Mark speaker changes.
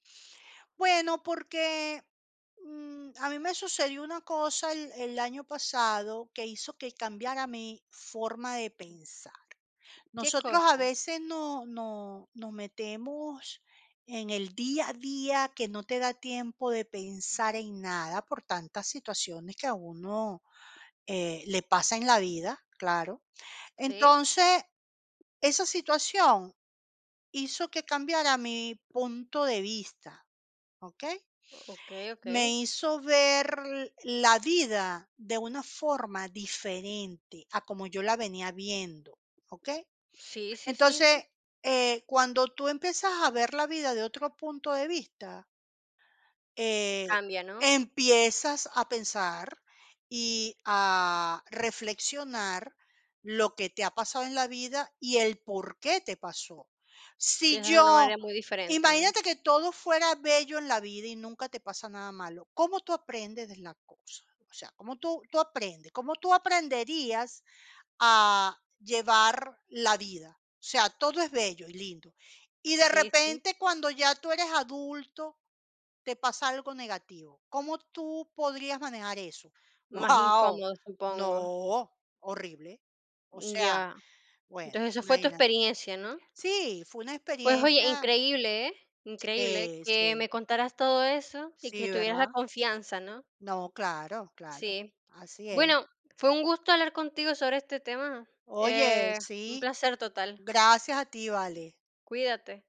Speaker 1: Bueno, porque, mm, a mí me sucedió una cosa el el año pasado que hizo que cambiara mi forma de pensar.
Speaker 2: ¿Qué
Speaker 1: Nosotros, a
Speaker 2: cosa?
Speaker 1: veces, nos nos nos metemos en el día a día, que no te da tiempo de pensar en nada, por tantas situaciones que a uno, eh, le pasa en la vida, claro.
Speaker 2: Sí.
Speaker 1: Entonces esa situación hizo que cambiara mi punto de vista, ¿okey?
Speaker 2: Okey, okey.
Speaker 1: Me hizo ver la vida de una forma diferente a como yo la venía viendo, ¿okey?
Speaker 2: Sí, sí, sí, sí.
Speaker 1: Entonces, eh, cuando tú empiezas a ver la vida de otro punto de vista eh,
Speaker 2: Cambia, ¿no?
Speaker 1: empiezas a pensar y a reflexionar lo que te ha pasado en la vida, y el por qué te pasó. Si
Speaker 2: Piensas de una
Speaker 1: yo
Speaker 2: manera muy diferente, ¿no?
Speaker 1: imagínate que todo fuera bello en la vida y nunca te pasa nada malo, ¿cómo tú aprendes de las cosas? O sea, ¿cómo tú tú aprendes? ¿Cómo tú aprenderías a llevar la vida? O sea, todo es bello y lindo, y de
Speaker 2: Sí, sí.
Speaker 1: repente, cuando ya tú eres adulto, te pasa algo negativo, ¿cómo tú podrías manejar eso?
Speaker 2: Más
Speaker 1: Guau,
Speaker 2: incómodo, supongo.
Speaker 1: no, horrible. O
Speaker 2: Mm,
Speaker 1: sea,
Speaker 2: ya.
Speaker 1: bueno,
Speaker 2: Entonces esa fue tu
Speaker 1: ¿imagínate?
Speaker 2: experiencia, ¿no?
Speaker 1: Sí, fue una
Speaker 2: Pues, oye,
Speaker 1: experiencia
Speaker 2: increíble, ¿eh? Increíble
Speaker 1: Sí,
Speaker 2: que
Speaker 1: sí.
Speaker 2: me contaras todo eso y que
Speaker 1: Sí,
Speaker 2: tuvieras la
Speaker 1: ¿verdad?
Speaker 2: confianza, ¿no?
Speaker 1: No, claro, claro.
Speaker 2: Sí.
Speaker 1: Así es.
Speaker 2: Bueno, fue un gusto hablar contigo sobre este tema.
Speaker 1: Oye,
Speaker 2: Eh, un
Speaker 1: sí,
Speaker 2: placer total.
Speaker 1: gracias a ti, vale.
Speaker 2: Cuídate.